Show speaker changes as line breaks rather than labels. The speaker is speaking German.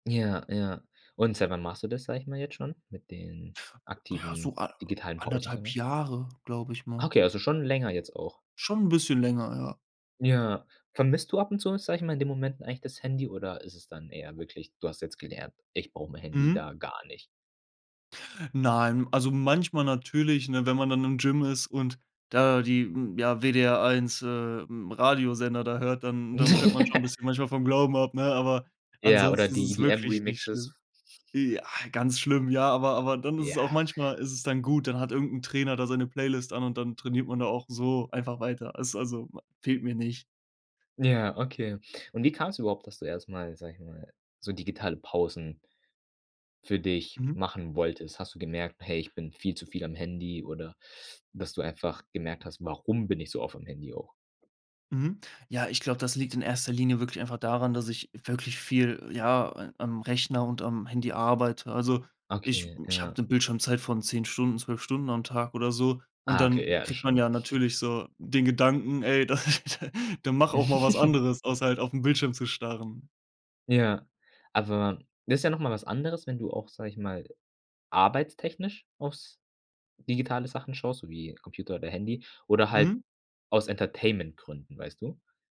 Ja, ja. Und seit wann machst du das, sage ich mal, jetzt schon mit den
Ja,
aktiven
so an
digitalen Pausen, sage
1,5
ich mal?
Jahre, glaube ich mal.
Okay, also schon länger jetzt auch.
Schon 'n bisschen länger, ja.
Ja, vermisst du ab und zu was, sage ich mal, in den Momenten eigentlich das Handy oder ist es dann eher wirklich: „Du hast jetzt gelernt, ich brauche mein Handy
Mhm.
da gar nicht?”
Nein, also, manchmal natürlich, ne, wenn man dann im Gym ist und da die n ja, WDR 1, äh, hm, Radiosender da hört, dann dann fällt man schon bisschen manchmal vom Glauben ab, ne? Aber
Ja, oder
ansonsten ist
die
es
die,
wirklich nicht schlimm.
M-Remixes.
E a ganz schlimm, ja, aber aber dann ist es auch
Ja.
manchmal ist es dann gut, dann hat irgend 'n Trainer da seine Playlist an und dann trainiert man da auch so einfach weiter. Es also fehlt mir nicht.
Ja, okay. Und wie kam's überhaupt, dass du erst mal, sage ich mal, so digitale Pausen für dich
Mhm.
machen wolltest? Hast du gemerkt: „Hey, ich bin viel zu viel am Handy“ oder dass du einfach gemerkt hast: „Warum bin ich so oft am Handy auch?“
Mhm, ja, ich glaube, das liegt in erster Linie wirklich einfach daran, dass ich wirklich viel, ja, äh, am Rechner und am Handy arbeite. Also, ich
Okay,
ich
ja.
habe 'ne Bildschirmzeit von 10 Stunden, 12 Stunden am Tag oder so, und
Ah, okay,
dann
ja, das
kriegt man
schon.
ja natürlich so den Gedanken: „Ey, da dann mach auch mal was anderes, außer halt auf 'n Bildschirm zu starren.”
Ja, aber das ist ja noch mal was anderes, wenn du auch, sage ich mal, arbeitstechnisch aufs digitale Sachen schaust, so wie Computer oder Handy oder halt
Mhm.
aus Entertainmentgründen, weißt du?